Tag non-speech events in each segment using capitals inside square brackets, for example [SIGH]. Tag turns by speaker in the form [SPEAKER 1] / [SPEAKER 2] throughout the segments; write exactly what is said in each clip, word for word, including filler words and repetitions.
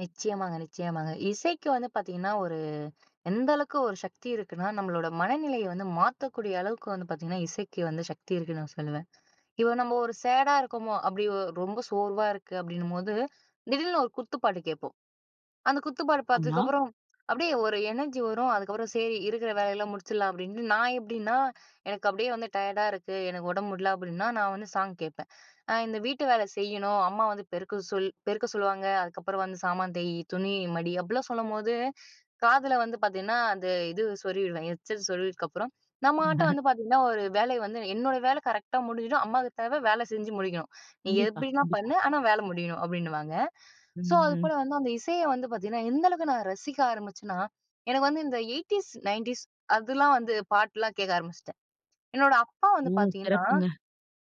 [SPEAKER 1] நிச்சயமாங்க, நிச்சயமாங்க. இசைக்கு வந்து பார்த்தீங்கன்னா, ஒரு எந்த அளவுக்கு ஒரு சக்தி இருக்குன்னா, நம்மளோட மனநிலைய வந்து மாத்தக்கூடிய அளவுக்கு வந்து பார்த்தீங்கன்னா, இசைக்கு வந்து சக்தி இருக்குன்னு நான் சொல்லுவேன். இப்போ நம்ம ஒரு சேடா இருக்கோமோ! அப்பிடி ஒ ரொம்ப சோர்வா இருக்கு அப்பிடின்னும்போது, திடீர்னு ஒரு குத்துப்பாட்டு கேட்போம். அந்த குத்துப்பாடு
[SPEAKER 2] ஆமா.
[SPEAKER 1] பார்த்ததுக்கப்புறம் அப்பிடியே ஒரு எனர்ஜி வரும், அதுக்கப்புறம் சரி இருக்கிற வேலையிலாம் முடிச்சிர்லாம் அப்பிடின்ட்டு நான் எப்பிடின்னா, எனக்கு அப்பிடியே வந்து டயர்டா இருக்கு, எனக்கு உடம்பு முடியல அப்பிடின்னா, நான் வந்து சாங் கேட்பேன். அ இந்த வீட்டு வேல செய்யணும், அம்மா வந்து பெருக்க சொல் பெருக்க சொல்லுவாங்க. அதுக்கப்புறம் வந்து சாமான் தேய், துணி மடி அப்பிடிலாம் சொல்லும்போது, காதில வந்து பார்த்தீங்கன்னா, அந்த இது சொருவிடுவேன். ஹெட்செட் சொருவினதுக்கப்பறம் நம்மட்ட
[SPEAKER 2] [CHUCKLES]
[SPEAKER 1] வந்து பார்த்தீங்கன்னா ஒரு வேலை வந்து, என்னோட வேலை கரெக்ட்டா முடிஞ்சுடும். அம்மாவுக்கு தேவை வேல செஞ்சு முடிக்கணும். நீ
[SPEAKER 2] கண்டிப்பா,
[SPEAKER 1] எப்பிடினா
[SPEAKER 2] கண்டிப்பா.
[SPEAKER 1] பண்ணு. ஆனா வேலை முடியணும் அப்பிடின்னுவாங்க. ஸோ, அதுபோல
[SPEAKER 2] ம்.
[SPEAKER 1] வந்து அந்த இசைய வந்து பார்த்தீங்கன்னா எந்த அளவுக்கு நான் ரசிக்க ஆரம்பிச்சன்னா, எனக்கு வந்து இந்த எய்ட்ட்டீஸ், நயன்டீஸ் அதுலாம் வந்து பாட்டுலாம் கேட்க ஆரம்பிச்சுட்டேன். என்னோட அப்பா
[SPEAKER 2] ஓ!
[SPEAKER 1] வந்து பார்த்தீங்கன்னா,
[SPEAKER 2] சிறப்புங்க.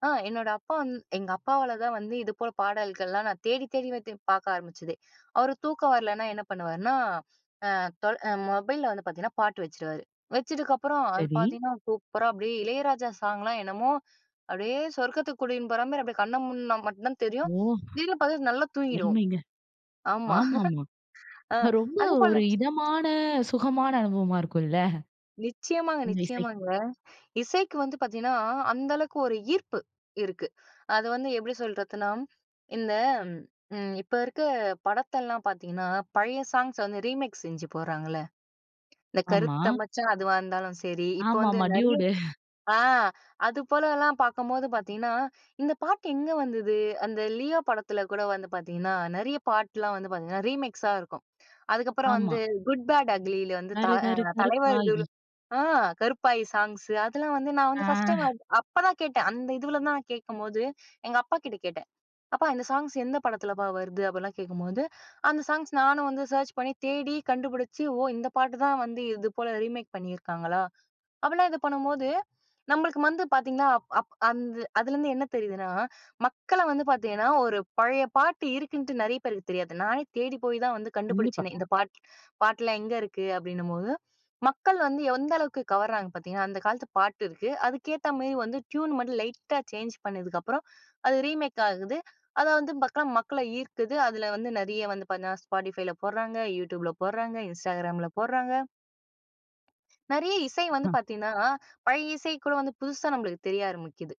[SPEAKER 1] அ என்னோட அப்பா வந் எங்க அப்பாவால தான் வந்து இது போல் பாடல்கள்லாம் நான் தேடி, தேடி வந்து பார்க்க ஆரம்பிச்சதே. அவரு தூக்கம் வரலன்னா என்ன பண்ணுவாருன்னா, அ தொ அ மொபைல்ல வந்து பார்த்தீங்கன்னா பாட்டு வச்சுருவாரு. வச்சதுக்கப்புறம் அது
[SPEAKER 2] சரி.
[SPEAKER 1] பார்த்தீங்கன்னா, சூப்பரா அப்பிடியே இளையராஜா சாங்லாம் என்னமோ, அப்பிடியே சொர்க்கத்துக்கு கூடின்னு போறமாரி அப்பிடியே கண்ண மூட்னா மட்டும் தான் தெரியும்.
[SPEAKER 2] ஓ!
[SPEAKER 1] திடீர்னு பார்த்தா நல்லா தூங்கிடுவோம்.
[SPEAKER 2] அருமைங்க.
[SPEAKER 1] ஆமா.
[SPEAKER 2] ஆமாமா.
[SPEAKER 1] [CHUCKLES] அ
[SPEAKER 2] ரொம்ப
[SPEAKER 1] அதேபோல
[SPEAKER 2] ஒரு இதமான, சுகமான அனுபவமா இருக்கும்ல.
[SPEAKER 1] நிச்சயமாங்க,
[SPEAKER 2] அந்த இசை.
[SPEAKER 1] நிச்சயமாங்க. இசைக்கு வந்து பார்த்தீங்கன்னா, அந்த அளவுக்கு ஒரு ஈர்ப்பு இருக்கு. அது வந்து எப்பிடி சொல்றதுன்னா இந்த ம். இப்ப இருக்க படத்தெல்லாம் பார்த்தீங்கன்னா, பழைய சாங்ஸ வந்து ரீமிக்ஸ் செஞ்சு போடுறாங்கள்ல, இந்த
[SPEAKER 2] ஆமா.
[SPEAKER 1] கருத்த மச்சான் அதுவா இருந்தாலும் சரி, இப்போ வந்து
[SPEAKER 2] ஆமாமா
[SPEAKER 1] நிறைய
[SPEAKER 2] "Dude".
[SPEAKER 1] ஆ து போலலாம் பார்க்கும்போது பார்த்தீங்கன்னா, இந்த பாட்டு எங்க வந்தது? அந்த லியோ படத்தில கூட வந்து பார்த்தீங்கன்னா, நிறைய பாட்டுலாம் வந்து பார்த்தீங்கன்னா ரீமிக்ஸா இருக்கும். அதுக்கப்புறம்
[SPEAKER 2] ஆமா.
[SPEAKER 1] வந்து Good Bad Ugly வந்து த அ
[SPEAKER 2] கருகரு
[SPEAKER 1] தலைவா
[SPEAKER 2] கருப்பாயி.
[SPEAKER 1] ஆ, கருப்பாயி சாங்ஸு அதெல்லாம் வந்து நான்
[SPEAKER 2] ஆ.
[SPEAKER 1] வந்து ஃபர்ஸ்ட் டைம்
[SPEAKER 2] [CHUCKLES]
[SPEAKER 1] அப்பதான் கேட்டேன். அந்த இதுவுல தான் நான் கேட்கும்போது எங்க அப்பாகிட்ட கேட்டேன். அப்பா இந்த சாங்ஸ் எந்த படத்துலப்பா வருது? அப்பிடிலாம் கேட்கும்போது, அந்த சாங்ஸ் நானும் வந்து சர்ச் பண்ணி தேடி கண்டுபிடிச்சு, ஓ! இந்த பாட்டு தான் வந்து இது போல ரீமேக் பண்ணியிருக்காங்களா! அப்பிடிலாம் இதை பண்ணும்போது, நம்மளுக்கு வந்து பார்த்தீங்கன்னா, அப் அந் அதுலருந்து என்ன தெரியுதுன்னா, மக்கள வந்து பார்த்தீங்கன்னா, ஒரு பழைய பாட்டு இருக்குன்ட்டு நிறைய பேருக்கு தெரியாது. நானே தேடி போய் தா ன் வந்து
[SPEAKER 2] கண்டிப்பா.
[SPEAKER 1] கண்டுபிடிச்சேனே! இந்த பாட்டு பாட்டெலாம் எங்கே இருக்கு? அப்பிடின்னும்போது, மக்கள் வந்து எந்த அளவுக்கு கவறாங்க பார்த்தீங்கன்னா, அந்த காலத்து பாட்டு இருக்கு. அதுக்கேத்தமாரி வந்து ட்யூன் மட்டும் லைட்டா சேஞ்ச் பண்ணதுக்கு அப்புறம், அது ரீமேக் ஆகுது அத வந்து பக்கா மக்கள ஈர்க்குது. அதில வந்து நிறைய வந்து பார்த்தன்னா, Spodtifyல போட்றாங்க, YouTubeல போட்றாங்க. Instagramல போட்றாங்க. நிறைய இசை வந்து
[SPEAKER 2] ஆ.
[SPEAKER 1] பார்த்தீங்கன்னா பழைய இசை கூட வந்து புதுசா நம்மளுக்கு தெரிய ஆரம்பிக்குது.